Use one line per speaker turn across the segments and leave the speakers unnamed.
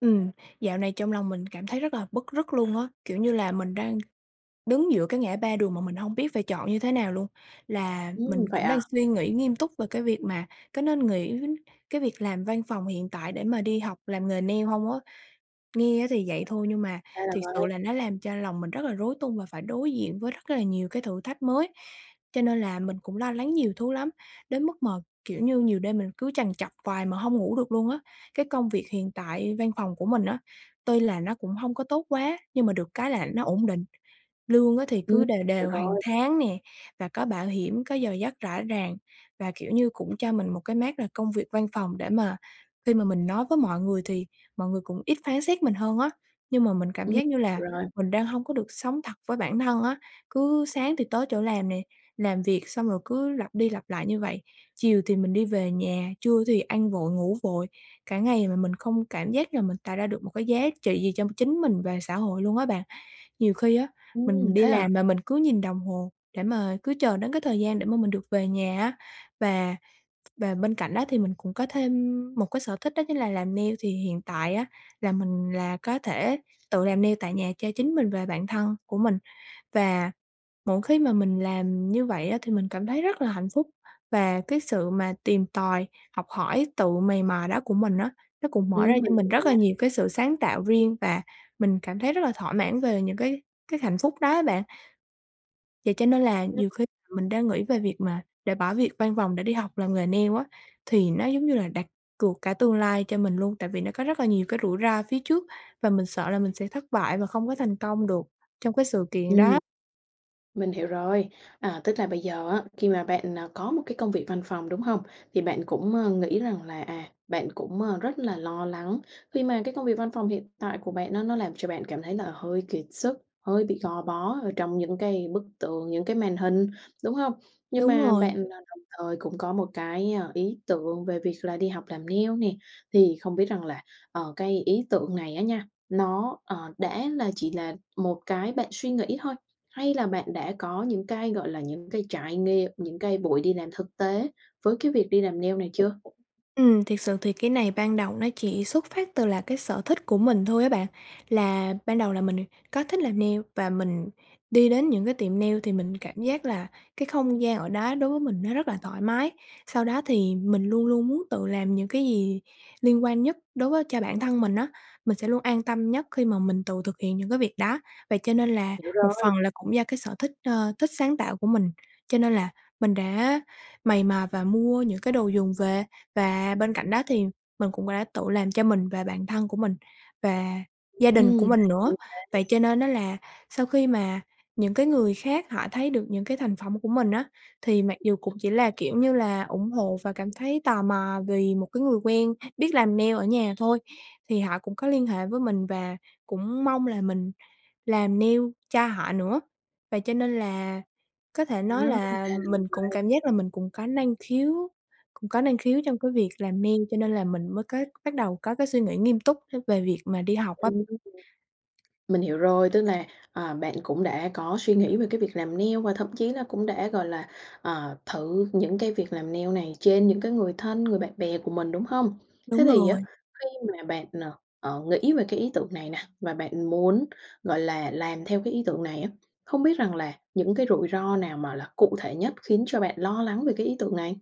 Ừm, dạo này trong lòng mình cảm thấy rất là bứt rứt luôn á, kiểu như là, mình đang đứng giữa cái ngã ba đường mà mình hông biết phải chọn như thế nào luôn, là mình
Ừm, vậy
cũng đang
à?
suy nghĩ nghiêm túc về cái việc mà có nên nghỉ cái việc làm văn phòng hiện tại để mà đi học làm nghề nail hông á? Nghe á thì vậy thôi nhưng mà
Ra là
thiệt sự
vậy.
là nó làm cho lòng mình rất là rối tung và phải đối diện với rất là nhiều cái thử thách mới. Cho nên là mình cũng lo lắng nhiều thứ lắm, đến mức mà kiểu như nhiều đêm mình cứ trằn trọc hoài mà hông ngủ được luôn á. Cái công việc hiện tại văn phòng của mình á, tuy là nó cũng hông có tốt quá nhưng mà được cái là nó ổn định. Lương á thì
Ừm,
cứ đều
hiểu
đều hàng
rồi.
tháng nè, và có bảo hiểm, có giờ giấc rõ ràng và, kiểu như, cũng cho mình một cái mác là công việc văn phòng để mà khi mà mình nói với mọi người thì mọi người cũng ít phán xét mình hơn á. Nhưng mà mình cảm
Ừm,
giác như là
rồi.
mình đang hông có được sống thật với bản thân á, cứ sáng thì tới chỗ làm nè, làm việc xong rồi cứ lặp đi lặp lại như vậy, chiều thì mình đi về nhà, trưa thì ăn vội, ngủ vội cả ngày, mà mình không cảm giác là mình tạo ra được một cái giá trị gì cho chính mình và xã hội luôn á bạn. Nhiều khi á
Ừm,
mình đi
thế à?
làm mà mình cứ nhìn đồng hồ để mà cứ chờ đến cái thời gian để mà mình được về nhà á. Và và bên cạnh đó thì mình cũng có thêm một cái sở thích đó chính là làm nail, thì hiện tại á là mình là có thể tự làm nail tại nhà cho chính mình và bạn thân của mình. Và mỗi khi mà mình làm như vậy á thì mình cảm thấy rất là hạnh phúc và cái sự mà tìm tòi, học hỏi, tự mày mò đó của mình á, nó cũng mở ra
Ừm,
cho
mình
mình
hiểu
rất là
nha.
nhiều cái sự sáng tạo riêng và mình cảm thấy rất là thỏa mãn về những cái cái hạnh phúc đó á bạn. Vậy cho nên là
[unintelligible]
nhiều khi mình đã nghĩ về việc mà để bỏ việc văn phòng để đi học làm nghề nail á. Thì nó giống như là đặt cược cả tương lai cho mình luôn, tại vì nó có rất là nhiều cái rủi ro phía trước và mình sợ là mình sẽ thất bại và không có thành công được trong cái sự kiện
Ừm,
đó.
mình hiểu rồi. À, tức là bây giờ á, khi mà bạn, à, có một cái công việc văn phòng, đúng hông? Thì bạn cũng, ờ, nghĩ rằng là, à, bạn cũng, à, rất là lo lắng khi mà cái công việc văn phòng hiện tại của bạn á nó làm cho bạn cảm thấy là hơi kiệt sức, hơi bị gò bó ở trong những cái bức tượng, những cái màn hình, đúng hông? Nhưng
Đúng
mà
rồi.
bạn, à, đồng thời cũng có một cái, ơ, ý tưởng về việc là đi học làm nail nè, thì không biết rằng là, ờ, cái ý tưởng này á nha, nó, ờ, đã là chỉ là một cái bạn suy nghĩ thôi? Hay là bạn đã có những cái, gọi là, những cái trải nghiệm, những cái buổi đi làm thực tế với cái việc đi làm nail này chưa?
Ừm, thiệt sự thì cái này ban đầu nó chỉ xuất phát từ là cái sở thích của mình thôi á bạn. Là ban đầu là mình có thích làm nail, và mình đi đến những cái tiệm nail thì mình cảm giác là cái không gian ở đó đối với mình nó rất là thoải mái. Sau đó thì mình luôn luôn muốn tự làm những cái gì liên quan nhất đối với cho bản thân mình á, mình sẽ luôn an tâm nhất khi mà mình tự thực hiện những cái việc đó, vậy cho nên là
Hiểu
một
rồi.
phần là cũng do cái sở thích, ờ, thích sáng tạo của mình. Cho nên là mình đã mày mò và mua những cái đồ dùng về, và bên cạnh đó thì mình cũng đã tự làm cho mình và bạn thân của mình và gia đình của
Ừm
mình nữa. Vậy
[unintelligible]
cho nên á là sau khi mà những cái người khác họ thấy được những cái thành phẩm của mình á, thì mặc dù cũng chỉ là, kiểu như là, ủng hộ và cảm thấy tò mò vì một cái người quen biết làm nail ở nhà thôi thì họ cũng có liên hệ với mình và cũng mong là mình làm nail cho họ nữa. Vậy cho nên là, có thể
Ờ,
nói là
ra là như
mình cũng
vậy.
cảm giác là mình cũng có năng khiếu cũng có năng khiếu trong cái việc làm nail, cho nên là mình mới có bắt đầu có cái suy nghĩ nghiêm túc về việc mà đi học á.
Ừm. Mình hiểu rồi, tức là, ờ, bạn cũng đã có suy nghĩ về cái việc làm nail và thậm chí là cũng đã, gọi là, ờ, thử những cái việc làm nail này trên những cái người thân, người bạn bè của mình, đúng hông? Thế
Đúng
thì á
rồi.
khi mà bạn, ờ, ờ, nghĩ về cái ý tưởng này nè và bạn muốn, gọi là, làm theo cái ý tưởng này á, không biết rằng là những cái rủi ro nào mà là cụ thể nhất khiến cho bạn lo lắng về cái ý tưởng này?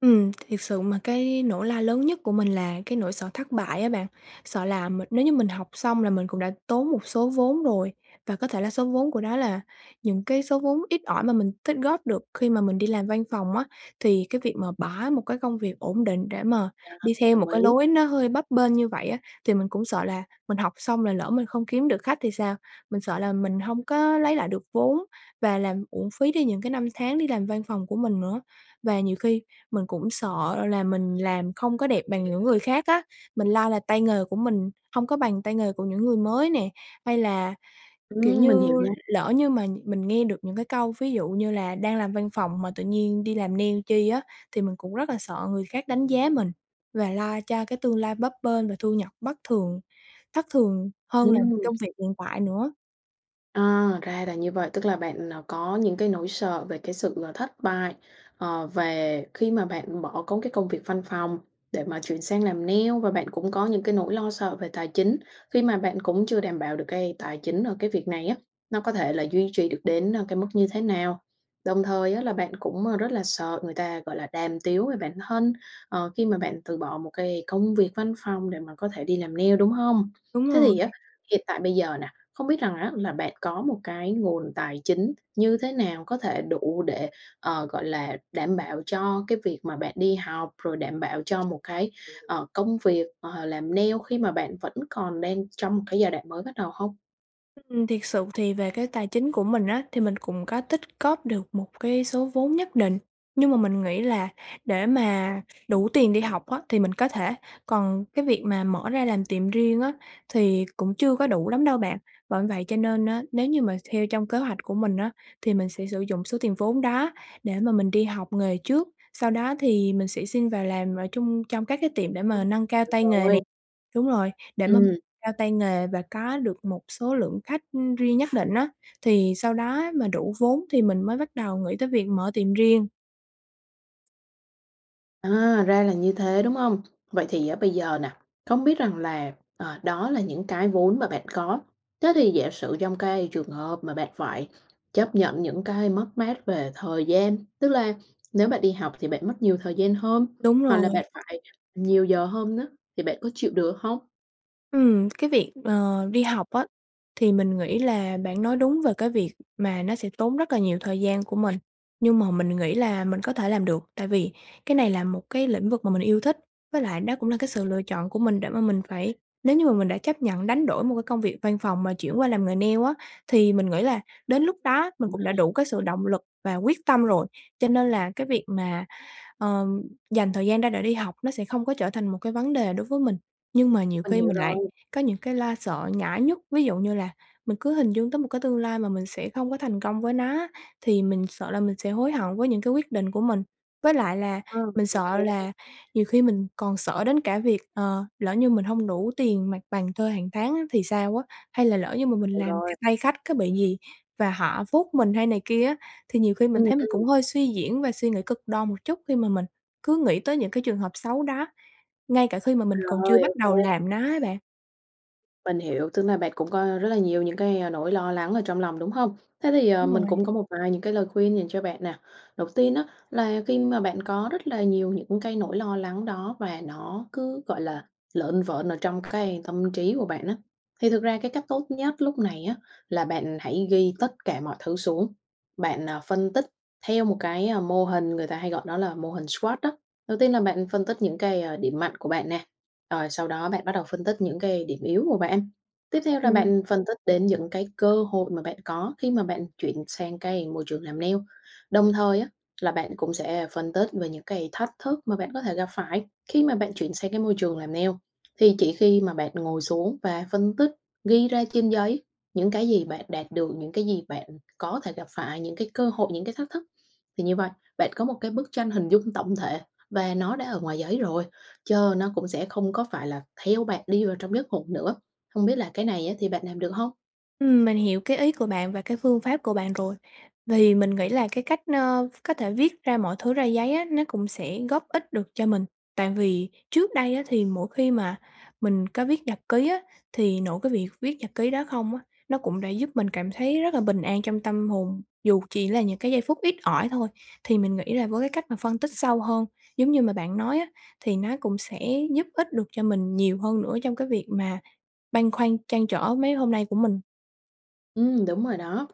Ừm, thiệt sự mà cái nỗi lo lớn nhất của mình là cái nỗi sợ thất bại á bạn, sợ là mình nếu như mình học xong là mình cũng đã tốn một số vốn rồi và có thể là số vốn của đó là những cái số vốn ít ỏi mà mình tích góp được khi mà mình đi làm văn phòng á. Thì cái việc mà bỏ một cái công việc ổn định để mà
Nha,
đi theo một
đồng
cái
ý.
lối nó hơi bấp bênh như vậy á, thì mình cũng sợ là mình học xong là lỡ mình không kiếm được khách thì sao? Mình sợ là mình hông có lấy lại được vốn và làm uổng phí đi những cái năm tháng đi làm văn phòng của mình nữa. Và nhiều khi mình cũng sợ là mình làm không có đẹp bằng những người khác á, mình lo là tay nghề của mình hông có bằng tay nghề của những người mới nè. Hay là, kiểu
Ừm, mình hiểu
như,
nha.
lỡ như mà mình nghe được những cái câu ví dụ như là "Đang làm văn phòng mà tự nhiên đi làm nail chi á?" Thì mình cũng rất là sợ người khác đánh giá mình và lo cho cái tương lai bấp bênh và thu nhập bất thường, thất thường hơn là
Ừm.
công việc hiện tại nữa.
À, ra là như vậy. Tức là bạn, à, có những cái nỗi sợ về cái sự, ờ, thất bại, ờ, về khi mà bạn bỏ công cái công việc văn phòng để mà chuyển sang làm nail và bạn cũng có những cái nỗi lo sợ về tài chính, khi mà bạn cũng chưa đảm bảo được cái tài chính, ơ, cái việc này á, nó có thể là duy trì được đến, ơ, cái mức như thế nào? Đồng thời á là bạn cũng, ơ, rất là sợ người ta, gọi là, đàm tiếu về bản thân, ờ, khi mà bạn từ bỏ một cái công việc văn phòng để mà có thể đi làm nail, đúng hông?
Đúng
Thế
rồi.
thì á, hiện tại bây giờ nè, không biết rằng á là bạn có một cái nguồn tài chính như thế nào, có thể đủ để, ờ, gọi là, đảm bảo cho cái việc mà bạn đi học, rồi đảm bảo cho một cái, ờ, công việc, ờ, làm nail khi mà bạn vẫn còn đang trong một cái giai đoạn mới bắt đầu hông?
Ừm, thiệt sự thì về cái tài chính của mình á, thì mình cũng có tích góp được một cái số vốn nhất định, nhưng mà mình nghĩ là để mà đủ tiền đi học á, thì mình có thể, còn cái việc mà mở ra làm tiệm riêng á, thì cũng chưa có đủ lắm đâu bạn. Bởi vậy cho nên á, nếu như mà theo trong kế hoạch của mình á, thì mình sẽ sử dụng số tiền vốn đó để mà mình đi học nghề trước, sau đó thì mình sẽ xin vào làm, ờ, chung trong các cái tiệm để mà
[unintelligible]
nâng cao
Được
tay nghề nè
rồi.
đúng rồi, để mâm
Ừm.
cao tay nghề và có được một số lượng khách, ưm, riêng nhất định á, thì sau đó mà đủ vốn thì mình mới bắt đầu nghĩ tới việc mở tiệm riêng.
À, ra là như thế, đúng không? Vậy thì á, bây giờ nè, không biết rằng là, ờ, đó là những cái vốn mà bạn có, thế thì giả sử trong cái trường hợp mà bạn phải chấp nhận những cái mất mát về thời gian, tức là nếu bạn đi học thì bạn mất nhiều thời gian hơn,
Đúng
hoặc là
rồi.
bạn phải nhiều giờ hơn á, thì bạn có chịu được hông?
Ừm, cái việc, ờ, đi học á, thì mình nghĩ là bạn nói đúng về cái việc mà nó sẽ tốn rất là nhiều thời gian của mình, nhưng mà mình nghĩ là mình có thể làm được, tại vì cái này là một cái lĩnh vực mà mình yêu thích, với lại nó cũng là cái sự lựa chọn của mình để mà mình phải nếu như mà mình đã chấp nhận đánh đổi một cái công việc văn phòng mà chuyển qua làm nghề nail á, thì mình nghĩ là đến lúc đó mình cũng đã
[unintelligible]
đủ cái sự động lực và quyết tâm rồi, cho nên là cái việc mà, ờ, dành thời gian ra để đi học nó sẽ không có trở thành một cái vấn đề đối với mình. Nhưng mà nhiều
Mình
khi
hiểu
mình lại
rồi.
có những cái lo sợ nhỏ nhất, ví dụ như là mình cứ hình dung tới một cái tương lai mà mình sẽ không có thành công với nó á, thì mình sợ là mình sẽ hối hận với những cái quyết định của mình. Với lại là
Ờ,
mình
ô
sợ
kê.
là nhiều khi mình còn sợ đến cả việc, ờ, lỡ như mình hông đủ tiền mặt bằng thuê hàng tháng á, thì sao á? Hay là lỡ như mà mình
Hiểu
làm cái
rồi.
tay khách có bị gì và họ phốt mình hay này kia á, thì nhiều khi mình
Ừm,
thấy mình
ừm.
cũng hơi suy diễn và suy nghĩ cực đon một chút khi mà mình cứ nghĩ tới những cái trường hợp xấu đó, ngay cả khi mà mình còn chưa
Rồi,
bắt
ô
đầu
kê.
làm nó á bạn.
Mình hiểu, tức là bạn cũng có rất là nhiều những cái, a, nỗi lo lắng ở trong lòng, đúng hông? Thế thì, ờ,
Đúng
mình
rồi.
cũng có một vài những cái lời khuyên dành cho bạn nè, đầu tiên á, là khi mà bạn có rất là nhiều những cái nỗi lo lắng đó và nó cứ, gọi là, lởn vởn ở trong cái tâm trí của bạn á, thì thực ra cái cách tốt nhất lúc này á, là bạn hãy ghi tất cả mọi thứ xuống, bạn, ờ, phân tích theo một cái, ơ, mô hình người ta hay gọi đó là mô hình SWOT á. Đầu tiên là bạn phân tích những cái, ơ, điểm mạnh của bạn nè, rồi sau đó bạn bắt đầu phân tích những cái điểm yếu của bạn, tiếp theo là
Ừm.
bạn phân tích đến những cái cơ hội mà bạn có khi mà bạn chuyển sang cái môi trường làm nail, đồng thời á là bạn cũng sẽ phân tích về những cái thách thức mà bạn có thể gặp phải khi mà bạn chuyển sang cái môi trường làm nail. Thì chỉ khi mà bạn ngồi xuống và phân tích, ghi ra trên giấy những cái gì bạn đạt được, những cái gì bạn có thể gặp phải, những cái cơ hội, những cái thách thức, thì như vậy bạn có một cái bức tranh hình dung tổng thể và nó đã ở ngoài giấy rồi, chớ nó cũng sẽ không có phải là theo bạn đi vào trong giấc ngủ nữa. Không biết là cái này á, thì bạn làm được hông?
Ừm, mình hiểu cái ý của bạn và cái phương pháp của bạn rồi. Vì mình nghĩ là cái cách, ơ, v có thể viết ra mọi thứ ra giấy á, nó cũng sẽ góp ích được cho mình, tại vì trước đây á, thì mỗi khi mà mình có viết nhật ký á, thì nội cái việc viết nhật ký đó không á, nó cũng đã giúp mình cảm thấy rất là bình an trong tâm hồn, dù chỉ là những cái giây phút ít ỏi thôi. Thì mình nghĩ là với cái cách mà phân tích sâu hơn, giống như mà bạn nói á, thì nó cũng sẽ giúp ích được cho mình nhiều hơn nữa trong cái việc mà băn khoăn, trăn trở mấy hôm nay của mình.
Ừm, đúng rồi đó.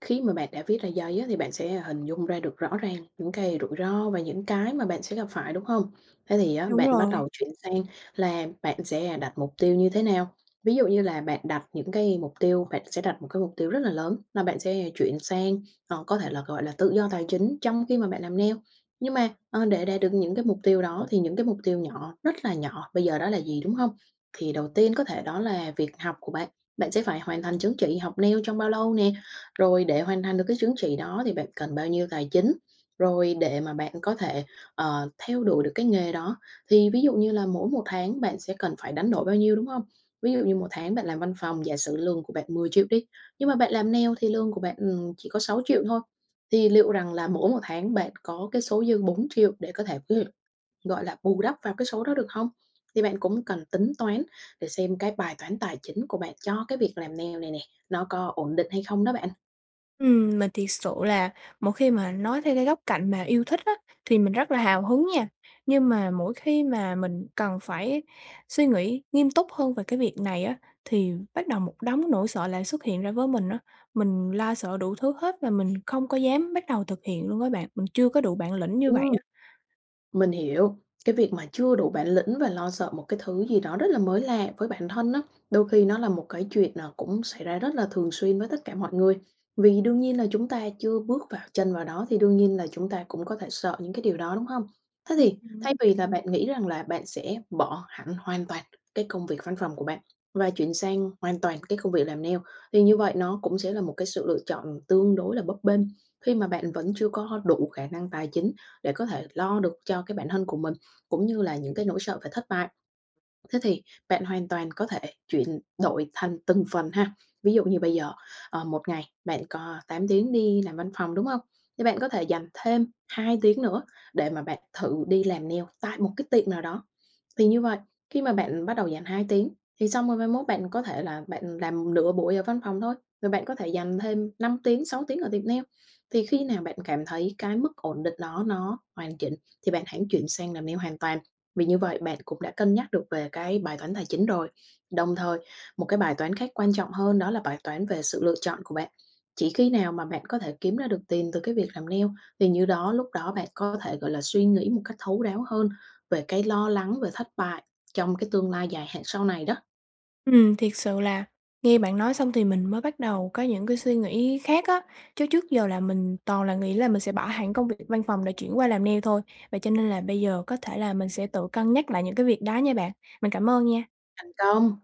Khi mà bạn đã viết ra giấy á, thì bạn sẽ hình dung ra được rõ ràng những cái rủi ro và những cái mà bạn sẽ gặp phải, đúng hông? Thế thì á,
Đúng
bạn bắt
rồi.
đầu chuyển sang là bạn sẽ, à, đặt mục tiêu như thế nào. Ví dụ như là bạn đặt những cái mục tiêu, bạn sẽ đặt một cái mục tiêu rất là lớn là bạn sẽ chuyển sang, ờ, có thể là, gọi là, tự do tài chính trong khi mà bạn làm nail. Nhưng mà, ờ, để đạt được những cái mục tiêu đó thì những cái mục tiêu nhỏ, rất là nhỏ, bây giờ đó là gì, đúng hông? Thì đầu tiên có thể đó là việc học của bạn, bạn sẽ phải hoàn thành chứng chỉ học nail trong bao lâu nè. Rồi để hoàn thành được cái chứng chỉ đó thì bạn cần bao nhiêu tài chính? Rồi để mà bạn có thể, ờ, theo đuổi được cái nghề đó. Thì ví dụ như là mỗi một tháng bạn sẽ cần phải đánh đổi bao nhiêu, đúng hông? Ví dụ như một tháng bạn làm văn phòng, giả sử lương của bạn 10.000.000 đi, nhưng mà bạn làm nail thì lương của bạn, ừm, chỉ có 6.000.000 thôi, thì liệu rằng là mỗi một tháng bạn có cái số dư 4.000.000 để có thể [unintelligible] gọi là, bù đắp vào cái số đó được hông? Thì bạn cũng cần tính toán để xem cái bài toán tài chính của bạn cho cái việc làm nail này nè, nó có ổn định hay không đó bạn.
Ừm, mình thiệt sự là một khi mà nói theo cái góc cạnh mà yêu thích á, thì mình rất là hào hứng nha, nhưng mà mỗi khi mà mình cần phải suy nghĩ nghiêm túc hơn về cái việc này á, thì bắt đầu một đống nỗi sợ lại xuất hiện ra với mình á, mình lo sợ đủ thứ hết và mình không có dám bắt đầu thực hiện luôn á bạn, mình chưa có đủ bản lĩnh như vậy
Ừm.
á.
Mình hiểu. Cái việc mà chưa đủ bản lĩnh và lo sợ một cái thứ gì đó rất là mới lạ với bản thân á, đôi khi nó là một cái chuyện, à, cũng xảy ra rất là thường xuyên với tất cả mọi người, vì đương nhiên là chúng ta chưa bước vào chân vào đó thì đương nhiên là chúng ta cũng có thể sợ những cái điều đó, đúng không? Thế
Ư,
thì
ừm.
thay vì là bạn nghĩ rằng là bạn sẽ bỏ hẳn hoàn toàn cái công việc văn phòng của bạn và chuyển sang hoàn toàn cái công việc làm nail thì như vậy nó cũng sẽ là một cái sự lựa chọn tương đối là bấp bênh, khi mà bạn vẫn chưa có có đủ khả năng tài chính để có thể lo được cho cái bản thân của mình, cũng như là những cái nỗi sợ phải thất bại. Thế thì bạn hoàn toàn có thể chuyển đổi thành từng phần ha, ví dụ như bây giờ, ờ, 1 ngày bạn có 8 tiếng đi làm văn phòng, đúng hông? Thì bạn có thể dành thêm 2 tiếng nữa để mà bạn thử đi làm nail tại một cái tiệm nào đó, thì như vậy, khi mà bạn bắt đầu dành 2 tiếng, thì xong rồi mai mốt bạn có thể là bạn làm nửa buổi ở văn phòng thôi, và bạn có thể dành thêm 5 tiếng, 6 tiếng ở tiệm nail, thì khi nào bạn cảm thấy cái mức ổn định đó nó hoàn chỉnh, thì bạn hãng chuyển sang làm nail hoàn toàn, vì như vậy bạn cũng đã cân nhắc được về cái bài toán tài chính rồi. Đồng thời, một cái bài toán khác quan trọng hơn đó là bài toán về sự lựa chọn của bạn, chỉ khi nào mà bạn có thể kiếm ra được tiền từ cái việc làm nail thì như đó lúc đó bạn có thể, gọi là, suy nghĩ một cách thấu đáo hơn về cái lo lắng về thất bại trong cái tương lai dài hạn sau này đó.
Ừm, thiệt sự là nghe bạn nói xong thì mình mới bắt đầu có những cái suy nghĩ khác á, chứ trước giờ là mình toàn là nghĩ là mình sẽ bỏ hẳn công việc văn phòng để chuyển qua làm nail thôi, vậy cho nên là bây giờ có thể là mình sẽ tự cân nhắc lại những cái việc đó nha bạn. Mình cảm ơn nha.
Thành công.